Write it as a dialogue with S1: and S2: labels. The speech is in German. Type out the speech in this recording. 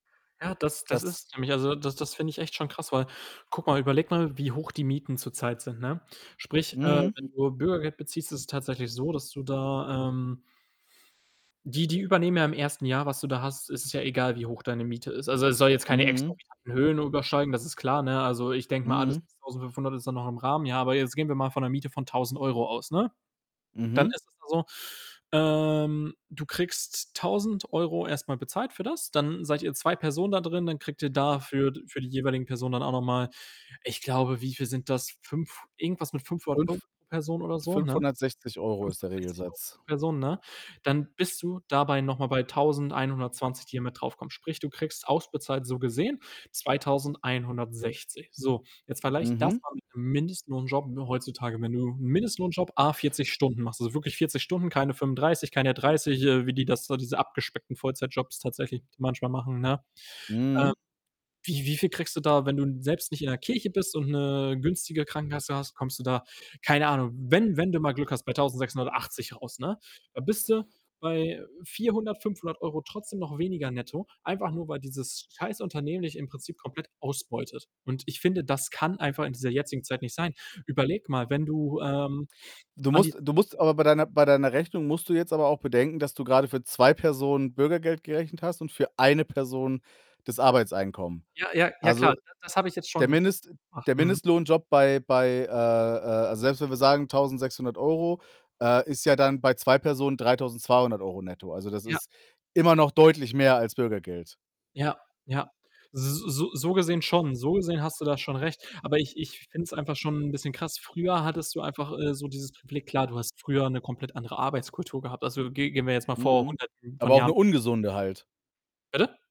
S1: Ja, das das ist
S2: Das
S1: es nämlich, also, das das finde ich echt schon krass, weil guck mal, überleg mal, wie hoch die Mieten zurzeit sind, ne? Sprich, äh,
S2: Mhm.
S1: wenn du Bürgergeld beziehst, ist es tatsächlich so, dass du da, ähm Die Die übernehmen ja im 1. Jahr, was du da hast ist es ja egal, wie hoch deine Miete ist. Also, es soll jetzt keine
S2: Mhm.
S1: exorbitanten Höhen übersteigen, das ist klar, ne? Also, ich denke mal, alles
S2: Mhm.
S1: bis 1500 ist dann noch im Rahmen, ja? Aber jetzt gehen wir mal von 'ner Miete von 1000 € aus, ne? Dann
S2: Mhm.
S1: ist es da so, ähm, du kriegst 1000 € erst mal bezahlt für das. Dann seid ihr 2 Personen da drin, dann kriegt ihr da für für die jeweiligen Personen dann auch noch mal, ich glaube, wie viel sind das? 5 irgendwas mit 500 €
S2: 5
S1: pro Person oder so, ne?
S2: 560 € ist der
S1: 560 €
S2: Regelsatz.
S1: pro Person, ne? Dann bist du dabei noch mal bei 1120 €, die hier mit draufkommen. Sprich, du kriegst ausbezahlt so gesehen 2160 €. So, jetzt vergleich das
S2: Mhm.
S1: mal mit 'nem Mindestlohnjob heutzutage. Wenn du 'nen Mindestlohnjob à 40 Stunden machst, also, wirklich 40 Stunden, keine 35, keine 30, äh, wie die das da diese abgespeckten Vollzeitjobs tatsächlich manchmal machen, ne? Äh,
S2: Mhm.
S1: wie, wie viel kriegst du da wenn du selbst nicht in der Kirche bist und 'ne günstige Krankenkasse hast, kommst du da keine Ahnung, wenn wenn du mal Glück hast, bei 1680 € raus, ne? Da bist du bei 400 €, 500 € trotzdem noch weniger netto, einfach nur, weil dieses scheiß Unternehmen dich im Prinzip komplett ausbeutet. Und ich finde, das kann einfach in dieser jetzigen Zeit nicht sein. Überleg mal, wenn du, ähm,
S2: Du
S1: an die
S2: musst du
S1: Zeit
S2: musst aber bei deiner bei deiner Rechnung musst du jetzt aber auch bedenken, dass du grade für 2 Personen Bürgergeld gerechnet hast und für 1 Person das Arbeitseinkommen.
S1: Ja, ja, ja klar,
S2: Also,
S1: ne, das habe ich jetzt
S2: der
S1: schon
S2: Mindest
S1: ach,
S2: der
S1: mhm.
S2: Mindestlohnjob bei bei, äh, äh selbst wenn wir sagen 1600 €,, äh, ist ja dann bei 2 Personen 3200 € netto. Also, das
S1: Ja.
S2: ist immer noch deutlich mehr als Bürgergeld.
S1: Ja, ja. S S So gesehen schon. So gesehen hast du da schon recht, aber ich ich finde es einfach schon 'n bisschen krass. Früher hattest du einfach, äh, so dieses Gefühl klar, du hast früher 'ne komplett andere Arbeitskultur gehabt. Also, ge gehen wir jetzt mal vor
S2: Mhm.
S1: Hunderten von
S2: Aber auch 'ne
S1: Jahren
S2: ungesunde halt.
S1: Bitte?